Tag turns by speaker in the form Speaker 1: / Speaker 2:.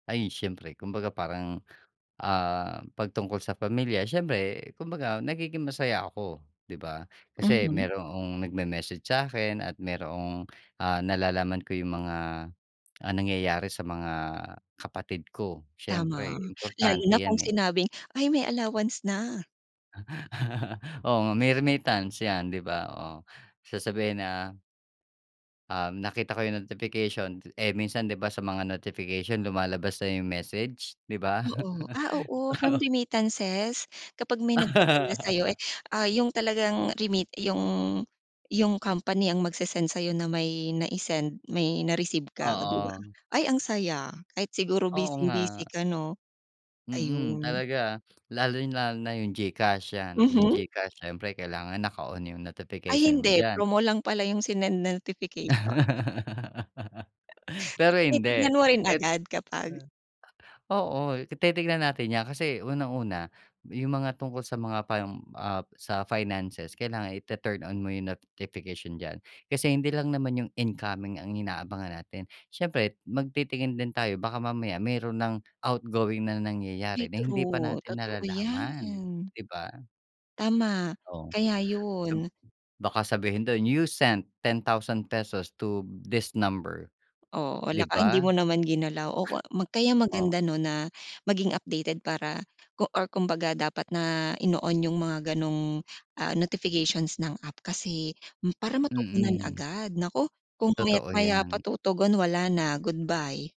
Speaker 1: Ay, siyempre kumbaga parang, ah, 'pag tungkol sa pamilya, siyempre kumbaga nagiging masaya ako, 'di ba? Kasi
Speaker 2: Mhm.
Speaker 1: mayroong nagme-message sa'kin at mayroong, ah, nalalaman ko yung mga, ah, nangyayari sa mga kapatid ko
Speaker 2: Tama,
Speaker 1: siyempre
Speaker 2: lalo
Speaker 1: importante
Speaker 2: na kung
Speaker 1: 'yan, eh.
Speaker 2: sinabing "Ay, may allowance na".
Speaker 1: Oo, nga may remittance 'yan, 'di ba? Oh, sasabihin na Um, nakita ko yung notification. T eh, minsan, 'di ba, sa mga notification lumalabas na yung message, 'di ba?
Speaker 2: Oo, ah, oo from
Speaker 1: Oo.
Speaker 2: remittances kapag may nagpadala sa'yo eh ah yung talagang remit yung yung company ang magsesend sa'yo na may nai-send, may na-receive ka, oh 'di ba?
Speaker 1: Oo.
Speaker 2: Ay, ang saya, kahit siguro
Speaker 1: Oo, nga.
Speaker 2: busing-busy ka, 'no?
Speaker 1: Mm,
Speaker 2: Ayun.
Speaker 1: talaga, lalong-lalo na yung GCash yan yung
Speaker 2: Mhm.
Speaker 1: GCash syempre kailangan naka-on yung
Speaker 2: Ay,
Speaker 1: notification mo
Speaker 2: hindi
Speaker 1: diyan.
Speaker 2: promo lang pala yung sinend na notification. So,
Speaker 1: Pero hindi
Speaker 2: tinitingnan mo rin
Speaker 1: et
Speaker 2: agad kapag
Speaker 1: eh oo titignan natin 'yan. Kasi unang-una yung mga tungkol sa mga pang, ah, sa finances kailangan itu-turn on mo yung notification diyan. Kasi hindi lang naman yung incoming ang inaabangan natin siyempre magtitingin din tayo baka mamaya meron nang outgoing na nangyayari
Speaker 2: Ay
Speaker 1: na hindi pa
Speaker 2: true,
Speaker 1: natin
Speaker 2: totoo 'yan.
Speaker 1: nalalaman, 'di ba?
Speaker 2: Tama,
Speaker 1: Oh,
Speaker 2: kaya
Speaker 1: sab
Speaker 2: yun.
Speaker 1: baka sabihin dun you sent ₱10,000 to this number,
Speaker 2: Oh, wala
Speaker 1: 'di
Speaker 2: ka eh, hindi
Speaker 1: ba?
Speaker 2: mo naman ginalaw o kwa ma kaya
Speaker 1: O.
Speaker 2: maganda, 'no, na maging updated para ko or kumbaga dapat na ino-on yung mga ganong, ah, notifications ng app kasi hmm, para matugunan
Speaker 1: Mm.
Speaker 2: agad naku, kung
Speaker 1: Totoo
Speaker 2: maya't-maya pa
Speaker 1: 'yan.
Speaker 2: tutugon wala na goodbye.